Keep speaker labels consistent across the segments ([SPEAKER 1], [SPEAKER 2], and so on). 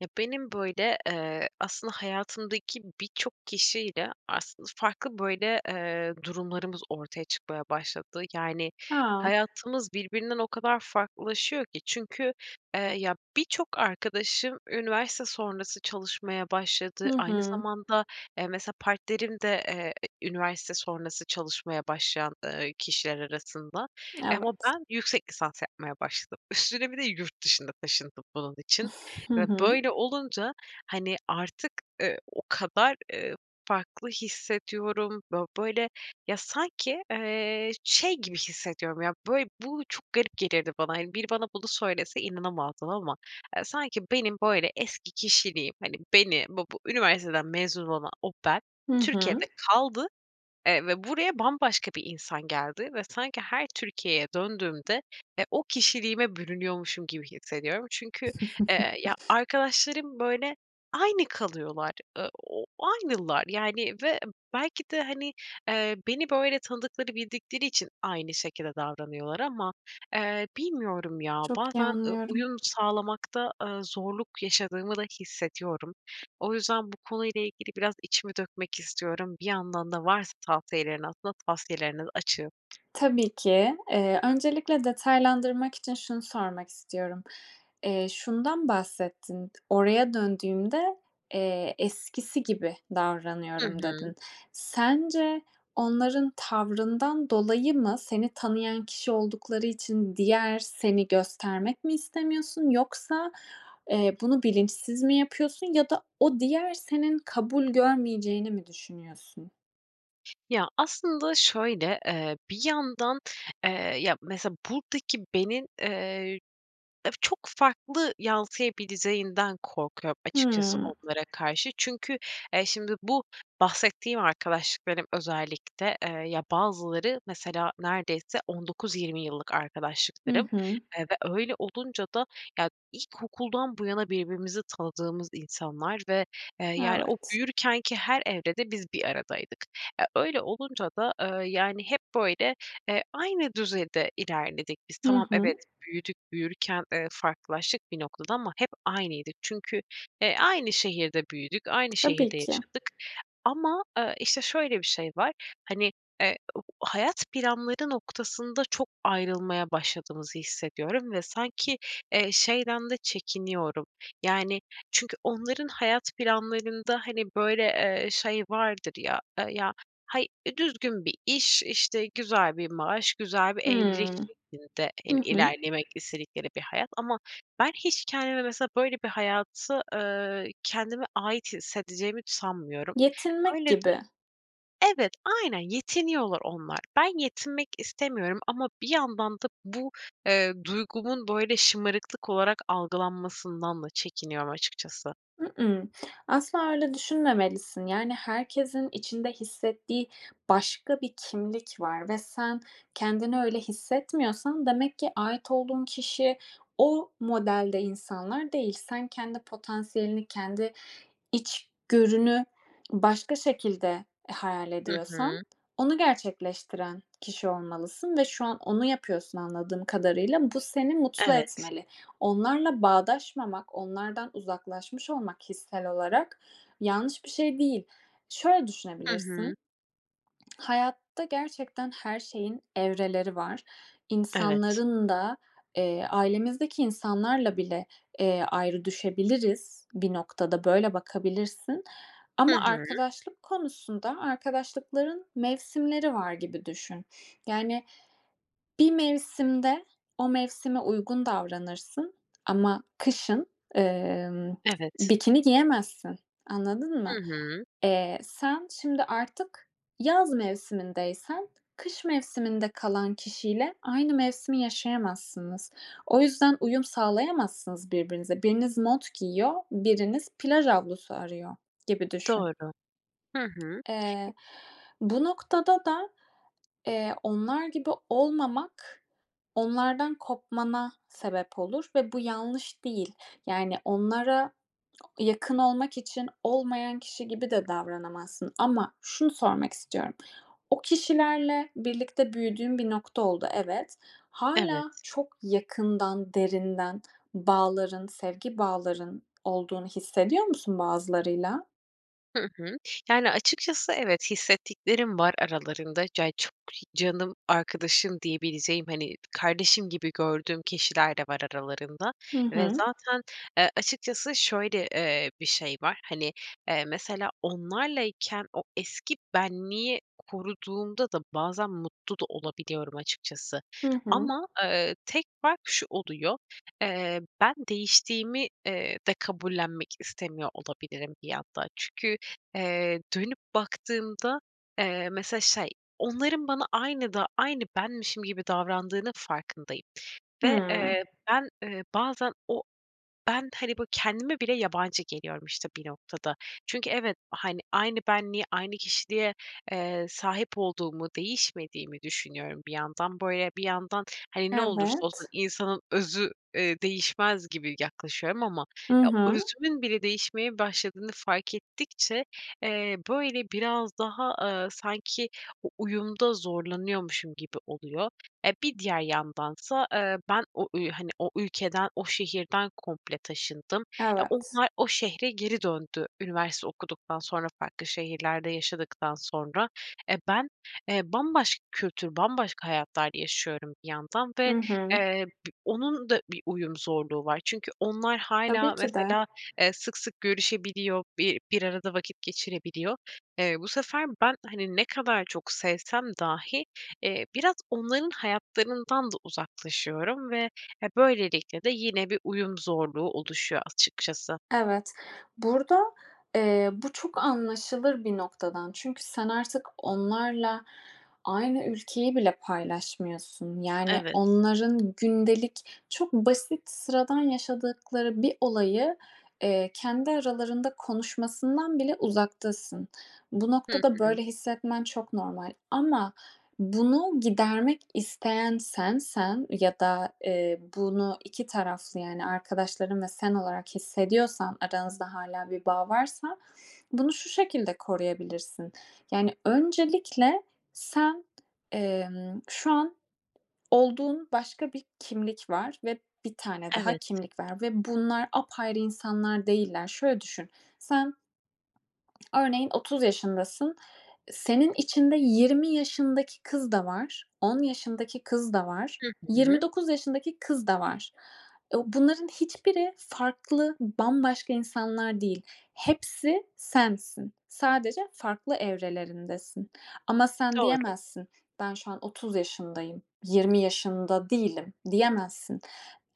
[SPEAKER 1] Ya benim böyle eee aslında hayatımdaki birçok kişiyle aslında farklı böyle eee durumlarımız ortaya çıkmaya başladı. Yani
[SPEAKER 2] A!
[SPEAKER 1] hayatımız birbirinden o kadar farklılaşıyor ki. Çünkü eee ya birçok arkadaşım üniversite sonrası çalışmaya başladı.
[SPEAKER 2] Hı
[SPEAKER 1] Aynı
[SPEAKER 2] hı.
[SPEAKER 1] zamanda, eee, mesela partnerim de, eee, üniversite sonrası çalışmaya başlayan, eee, kişiler arasında eee ama
[SPEAKER 2] Evet.
[SPEAKER 1] ben yüksek lisans yapmaya başladım üstüne bir de yurt dışına taşındım bunun için
[SPEAKER 2] Hı
[SPEAKER 1] ve
[SPEAKER 2] hı.
[SPEAKER 1] böyle olunca, hani, artık, ııı, o kadar, ııı, farklı hissediyorum. Bö böyle ya sanki, eee, şey gibi hissediyorum ya böyle bu çok garip gelirdi bana. Hani, biri bana bunu söylese inanamazdın ama, eee, sanki benim böyle eski kişiliğim, hani, beni bu üniversiteden mezun olan o ben
[SPEAKER 2] Hı hı.
[SPEAKER 1] Türkiye'de kaldı, eee, ve buraya bambaşka bir insan geldi ve sanki her Türkiye'ye döndüğümde, e, o kişiliğime bürünüyormuşum gibi hissediyorum. Çünkü, eee, ya arkadaşlarım böyle aynı kalıyorlar. Iıı, o ııı, aynılar yani ve belki de, hani, eee, beni böyle tanıdıkları bildikleri için aynı şekilde davranıyorlar ama, eee, bilmiyorum, ya,
[SPEAKER 2] Çok iyi
[SPEAKER 1] bazen, ııı,
[SPEAKER 2] anlıyorum.
[SPEAKER 1] uyum sağlamakta, ııı, zorluk yaşadığımı da hissediyorum. O yüzden bu konuyla ilgili biraz içimi dökmek istiyorum. Bir yandan da varsa tavsiyelerini aslında tavsiyelerine açığım.
[SPEAKER 2] Tabii ki. Eee, öncelikle detaylandırmak için şunu sormak istiyorum. Eee, şundan bahsettin. "Oraya döndüğümde, eee, eskisi gibi
[SPEAKER 1] Hı
[SPEAKER 2] davranıyorum"
[SPEAKER 1] hı.
[SPEAKER 2] dedin. Sence onların tavrından dolayı mı seni tanıyan kişi oldukları için diğer seni göstermek mi istemiyorsun? Yoksa, eee, bunu bilinçsiz mi yapıyorsun? Ya da o diğer senin kabul görmeyeceğini mi düşünüyorsun?
[SPEAKER 1] Ya, aslında şöyle: Eee, bir yandan, eee, ya, mesela buradaki benin, eee, çok farklı yansıyabileceğinden korkuyorum açıkçası
[SPEAKER 2] Hıı.
[SPEAKER 1] onlara karşı. Çünkü, eee, şimdi bu bahsettiğim arkadaşlıklarım özellikle, eee, ya, bazıları mesela neredeyse 19-20 yıllık
[SPEAKER 2] Hı
[SPEAKER 1] arkadaşlıklarım.
[SPEAKER 2] hı.
[SPEAKER 1] Eee, ve öyle olunca da ya, ilkokuldan bu yana birbirimizi tanıdığımız insanlar ve, eee, yani, o
[SPEAKER 2] Evet.
[SPEAKER 1] büyürkenki her evrede biz bir aradaydık. E, öyle olunca da, eee, yani, hep böyle, eee, aynı düzeyde ilerledik biz.
[SPEAKER 2] Hı
[SPEAKER 1] Tamam, evet,
[SPEAKER 2] hı.
[SPEAKER 1] büyüdük. Büyürken, eee, farklılaştık bir noktada ama hep aynıydık. Çünkü, e, aynı şehirde büyüdük. Aynı
[SPEAKER 2] Tabii
[SPEAKER 1] şehirde
[SPEAKER 2] ki.
[SPEAKER 1] yaşadık. Ama, eee, işte, şöyle bir şey var: Hani, eee, u hayat planları noktasında çok ayrılmaya başladığımızı hissediyorum. Ve sanki, eee, şeyden de çekiniyorum. Yani çünkü onların hayat planlarında, hani, böyle, eee, şey vardır ya, eee, ya, hay düzgün bir iş, işte, güzel bir maaş, güzel bir evlilik
[SPEAKER 2] Hımm,
[SPEAKER 1] şeklinde, hani,
[SPEAKER 2] hı hı.
[SPEAKER 1] ilerlemek istedikleri bir hayat ama ben hiç kendimi mesela böyle bir hayatı, ııı, kendime ait hissedeceğimi sanmıyorum.
[SPEAKER 2] Yetinmek
[SPEAKER 1] Öyle
[SPEAKER 2] gibi.
[SPEAKER 1] Evet, aynen, yetiniyorlar onlar. Ben yetinmek istemiyorum ama bir yandan da bu, eee, duygumun böyle, şımarıklık olarak algılanmasından da çekiniyorum açıkçası.
[SPEAKER 2] Iıı, ııı. Asla öyle düşünmemelisin. Yani herkesin içinde hissettiği başka bir kimlik var ve sen kendini öyle hissetmiyorsan, demek ki ait olduğun kişi o modelde insanlar değil. Sen kendi potansiyelini, kendi içgörünü başka şekilde, e, hayal
[SPEAKER 1] Hı
[SPEAKER 2] ediyorsan,
[SPEAKER 1] hı.
[SPEAKER 2] onu gerçekleştiren kişi olmalısın ve şu an onu yapıyorsun anladığım kadarıyla. Bu seni mutlu
[SPEAKER 1] Evet.
[SPEAKER 2] etmeli. Onlarla bağdaşmamak, onlardan uzaklaşmış olmak hissel olarak, yanlış bir şey değil. Şöyle
[SPEAKER 1] Hı hı.
[SPEAKER 2] düşünebilirsin: Hayatta gerçekten her şeyin evreleri var,
[SPEAKER 1] Evet.
[SPEAKER 2] insanların da. Eee, ailemizdeki insanlarla bile, eee, ayrı düşebiliriz bir noktada. Böyle bakabilirsin.
[SPEAKER 1] Hı
[SPEAKER 2] Ama
[SPEAKER 1] hı.
[SPEAKER 2] arkadaşlık konusunda arkadaşlıkların mevsimleri var gibi düşün. Yani bir mevsimde o mevsime uygun davranırsın ama kışın, emm,
[SPEAKER 1] Evet.
[SPEAKER 2] bikini giyemezsin. Anladın
[SPEAKER 1] Hı
[SPEAKER 2] mı?
[SPEAKER 1] hı.
[SPEAKER 2] Eee, sen şimdi artık yaz mevsimindeysen, kış mevsiminde kalan kişiyle aynı mevsimi yaşayamazsınız. O yüzden uyum sağlayamazsınız birbirinize. Biriniz mont giyiyor, biriniz plaj havlusu arıyor, gibi düşün.
[SPEAKER 1] Doğru, hı hı.
[SPEAKER 2] Eee, bu noktada da, eee, onlar gibi olmamak, onlardan kopmana sebep olur ve bu yanlış değil. Yani onlara yakın olmak için olmayan kişi gibi de davranamazsın ama şunu sormak istiyorum: O kişilerle birlikte büyüdüğün bir nokta oldu, evet. Hâlâ
[SPEAKER 1] Evet.
[SPEAKER 2] çok yakından, derinden bağların, sevgi bağların olduğunu hissediyor musun bazılarıyla?
[SPEAKER 1] Hı hı, yani, açıkçası evet, hissettiklerim var aralarında. Cay çok hi "canım arkadaşım" diyebileceğim, hani, kardeşim gibi gördüğüm kişiler de var aralarında
[SPEAKER 2] Hı
[SPEAKER 1] ve
[SPEAKER 2] hı.
[SPEAKER 1] zaten, eee, açıkçası şöyle, eee, bir şey var: Hani, eee, mesela onlarlayken o eski benliği koruduğumda da bazen mutlu da olabiliyorum açıkçası.
[SPEAKER 2] Hı hı.
[SPEAKER 1] Ama, ııı, tek fark şu oluyor: Eee, ben değiştiğimi, eee, de kabullenmek istemiyor olabilirim bir yandan. Çünkü, eee, dönüp baktığımda, eee, mesela şey, onların bana aynı da aynı benmişim gibi davrandığının farkındayım ve,
[SPEAKER 2] Hıı.
[SPEAKER 1] eee, ben, eee, bazen o ben, hani, böyle, kendime bile yabancı geliyorum işte bir noktada. Çünkü evet, hani, aynı benliğe, aynı kişiliğe, eee, sahip olduğumu, değişmediğimi düşünüyorum bir yandan. Böyle, bir yandan, hani, "Ne olursa o zaman
[SPEAKER 2] Evet.
[SPEAKER 1] insanın özü, eee, değişmez." gibi yaklaşıyorum ama
[SPEAKER 2] I
[SPEAKER 1] ya,
[SPEAKER 2] hı.
[SPEAKER 1] özümün bile değişmeye başladığını fark ettikçe, eee, böyle, biraz daha, aaa, sanki o uyumda zorlanıyormuşum gibi oluyor. E, bir diğer yandansa, eee, ben o ü hani, o ülkeden, o şehirden komple taşındım. E,
[SPEAKER 2] Evet.
[SPEAKER 1] onlar o şehre geri döndü üniversite okuduktan sonra, farklı şehirlerde yaşadıktan sonra. E, ben, eee, bambaşka kültür, bambaşka hayatlar yaşıyorum bir yandan ve,
[SPEAKER 2] Hı hı.
[SPEAKER 1] eee, bi onun da bir uyum zorluğu var. Çünkü onlar
[SPEAKER 2] Tabii
[SPEAKER 1] hâlâ
[SPEAKER 2] ki de.
[SPEAKER 1] mesela, eee, sık sık görüşebiliyor, bi bir arada vakit geçirebiliyor. Eee, bu sefer ben, hani, ne kadar çok sevsem dahi, eee, biraz onların hayatlarından da uzaklaşıyorum ve, e, böylelikle de yine bir uyum zorluğu oluşuyor açıkçası.
[SPEAKER 2] Evet, burada, eee, bu çok anlaşılır bir noktadan. Çünkü sen artık onlarla aynı ülkeyi bile paylaşmıyorsun. Yani
[SPEAKER 1] Evet.
[SPEAKER 2] onların gündelik, çok basit, sıradan yaşadıkları bir olayı, eee, kendi aralarında konuşmasından bile uzaktasın. Bu
[SPEAKER 1] Hı
[SPEAKER 2] noktada
[SPEAKER 1] hı.
[SPEAKER 2] böyle hissetmen çok normal. Ama bunu gidermek isteyen sensen ya da, eee, bunu 2 taraflı, yani arkadaşların ve sen olarak hissediyorsan, aranızda hâlâ bir bağ varsa, bunu şu şekilde koruyabilirsin. Yani öncelikle sen, emm, şu an olduğun başka bir kimlik var. Ve bir tane daha
[SPEAKER 1] Evet.
[SPEAKER 2] kimlik var. Ve bunlar apayrı insanlar değiller. Şöyle düşün: Sen örneğin 30 yaşındasın. E, senin içinde 20 yaşındaki kız da var. 10 yaşındaki kız da var.
[SPEAKER 1] Hı
[SPEAKER 2] yirmi
[SPEAKER 1] hı.
[SPEAKER 2] dokuz yaşındaki kız da var. Eee, bunların hiçbiri farklı, bambaşka insanlar değil. Hepsi sensin. Sadece farklı evrelerindesin. Ama sen
[SPEAKER 1] Doğru.
[SPEAKER 2] diyemezsin: "Ben şu an 30 yaşındayım, 20 yaşında değilim." diyemezsin.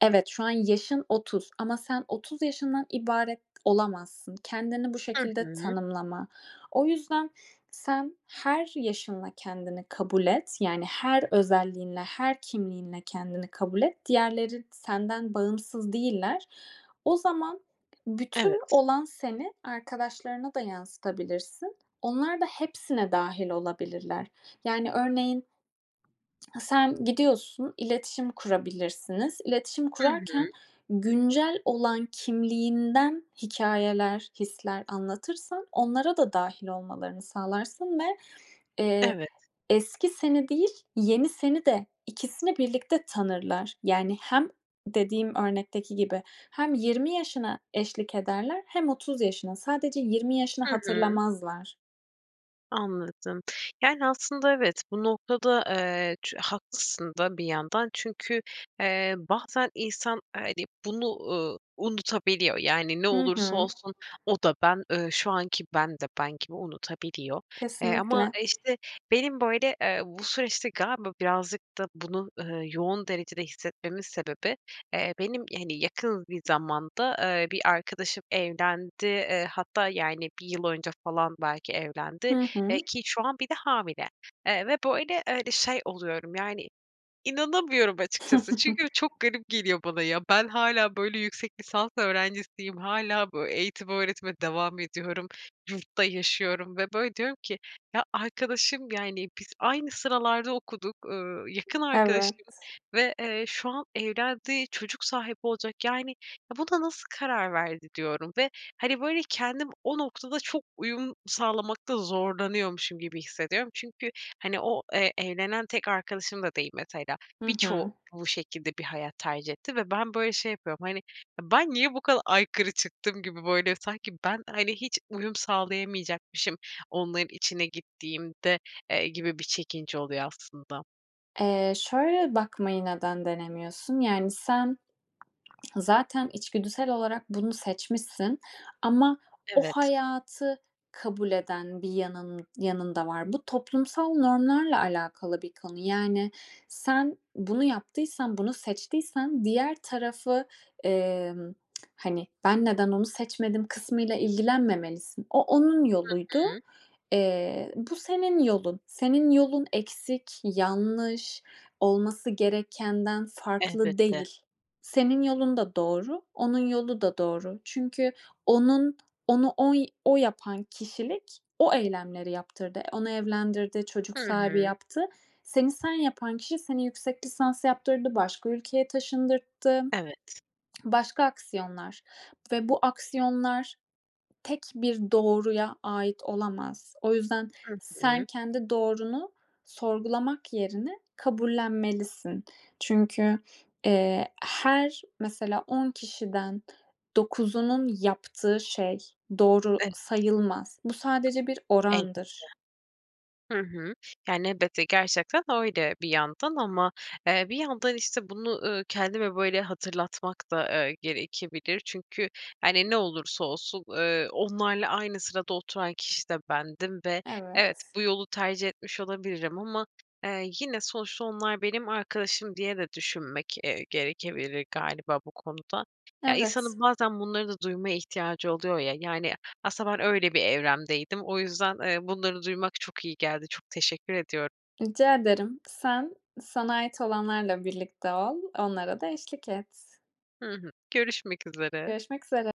[SPEAKER 2] Evet, şu an yaşın 30 ama sen 30 yaşından ibaret olamazsın. Kendini bu
[SPEAKER 1] Hı
[SPEAKER 2] şekilde
[SPEAKER 1] hı.
[SPEAKER 2] tanımlama. O yüzden sen her yaşınla kendini kabul et. Yani her özelliğinle, her kimliğinle kendini kabul et. Diğerleri senden bağımsız değiller. O zaman bütün
[SPEAKER 1] Evet.
[SPEAKER 2] olan seni arkadaşlarına da yansıtabilirsin; onlar da hepsine dâhil olabilirler. Yani örneğin sen gidiyorsun, iletişim kurabilirsiniz. İletişim
[SPEAKER 1] Hı hı.
[SPEAKER 2] kurarken güncel olan kimliğinden hikâyeler, hisler anlatırsan, onlara da dâhil olmalarını sağlarsın ve, eee,
[SPEAKER 1] Evet.
[SPEAKER 2] eski seni değil, yeni seni de, ikisini birlikte tanırlar. Yani hem -dediğim örnekteki gibi hem 20 yaşına eşlik ederler hem 30 yaşına; sadece 20 yaşını
[SPEAKER 1] Hı hı.
[SPEAKER 2] hatırlamazlar.
[SPEAKER 1] Anladım. Yani aslında evet, bu noktada, eee, çü haklısın da bir yandan. Çünkü, eee, bazen insan, hani, bunu, ııı, unutabiliyor. Yani ne
[SPEAKER 2] Hı
[SPEAKER 1] olursa
[SPEAKER 2] hı.
[SPEAKER 1] olsun, o da ben, ııı, şu anki ben de ben gibi unutabiliyor. Eee, ama,
[SPEAKER 2] Kesinlikle.
[SPEAKER 1] işte, benim böyle, eee, bu süreçte galiba birazcık da bunu, ııı, yoğun derecede hissetmemin sebebi, eee, benim, hani, yakın bir zamanda, eee, bir arkadaşım evlendi. Eee, hatta, yani, 1 yıl önce falan belki evlendi.
[SPEAKER 2] Hı
[SPEAKER 1] Eee,
[SPEAKER 2] hı.
[SPEAKER 1] ki şu an bir de hamile. Eee, ve böyle, eee, öyle şey oluyorum, yani inanamıyorum açıkçası. Çünkü çok garip geliyor bana ya. Ben hâlâ böyle, yüksek lisans öğrencisiyim, hâlâ böyle, eğitim öğretime devam ediyorum, yurtta yaşıyorum ve böyle diyorum ki, "Ya, arkadaşım, yani biz aynı sıralarda okuduk, ııı, yakın arkadaşım
[SPEAKER 2] Evet.
[SPEAKER 1] ve, eee, şu an evlendi, çocuk sahibi olacak. Yani, ya, buna nasıl karar verdi?" diyorum ve, hani, böyle, kendim o noktada çok uyum sağlamakta zorlanıyormuşum gibi hissediyorum. Çünkü, hani, o, eee, evlenen tek arkadaşım da değil mesela.
[SPEAKER 2] Hı
[SPEAKER 1] Birçoğu
[SPEAKER 2] hı.
[SPEAKER 1] bu şekilde bir hayat tercih etti ve ben böyle, şey yapıyorum, hani: "Ben niye bu kadar aykırı çıktım?" gibi böyle, sanki ben, hani, hiç uyum sağlayamayacakmışım onların içine gittiğimde, eee, gibi bir çekince oluyor aslında.
[SPEAKER 2] Eee, şöyle bakmayı neden denemiyorsun? Yani, sen zaten içgüdüsel olarak bunu seçmişsin ama o
[SPEAKER 1] Evet.
[SPEAKER 2] hayatı kabul eden bir yanın yanın da var. Bu toplumsal normlarla alakalı bir konu yani sen bunu yaptıysan bunu seçtiysen diğer tarafı, emm, hani, ben neden onu seçmedim kısmıyla ilgilenmemelisin. O onun
[SPEAKER 1] Hı
[SPEAKER 2] yoluydu,
[SPEAKER 1] hı.
[SPEAKER 2] eee, bu senin yolun. Senin yolun eksik, yanlış, olması gerekenden farklı
[SPEAKER 1] Elbette.
[SPEAKER 2] değil. Senin yolun da doğru, onun yolu da doğru. Çünkü onun onu oy o yapan kişilik o eylemleri yaptırdı. Onu evlendirdi, çocuk
[SPEAKER 1] Hı
[SPEAKER 2] sahibi
[SPEAKER 1] hı.
[SPEAKER 2] yaptı. Seni sen yapan kişi seni yüksek lisans yaptırdı, başka ülkeye taşındırttı.
[SPEAKER 1] Evet.
[SPEAKER 2] Başka aksiyonlar ve bu aksiyonlar tek bir doğruya ait olamaz. O yüzden
[SPEAKER 1] Hı
[SPEAKER 2] sen
[SPEAKER 1] hı.
[SPEAKER 2] kendi doğrunu sorgulamak yerine kabullenmelisin. Çünkü, eee, her mesela 10 kişiden 9'unun yaptığı şey doğru
[SPEAKER 1] Evet.
[SPEAKER 2] sayılmaz. Bu sadece bir
[SPEAKER 1] Elbette.
[SPEAKER 2] orandır.
[SPEAKER 1] Hı hı. Yani, elbette gerçekten öyle bir yandan ama, eee, bir yandan işte bunu, ııı, kendime böyle hatırlatmak da, eee, gerekebilir. Çünkü, hani, ne olursa olsun, ııı, onlarla aynı sırada oturan kişi de bendim ve evet,
[SPEAKER 2] Evet.
[SPEAKER 1] bu yolu tercih etmiş olabilirim ama, eee, yine sonuçta onlar benim arkadaşım diye de düşünmek, eee, gerekebilir galiba bu konuda. Ya,
[SPEAKER 2] Evet.
[SPEAKER 1] insanın bazen bunları da duymaya ihtiyacı oluyor ya. Yani aslında ben öyle bir evremdeydim. O yüzden bunları duymak çok iyi geldi. Çok teşekkür ediyorum.
[SPEAKER 2] Rica ederim. Sen, sana ait olanlarla birlikte ol. Onlara da eşlik et.
[SPEAKER 1] Hı hı. Görüşmek üzere.
[SPEAKER 2] Görüşmek üzere.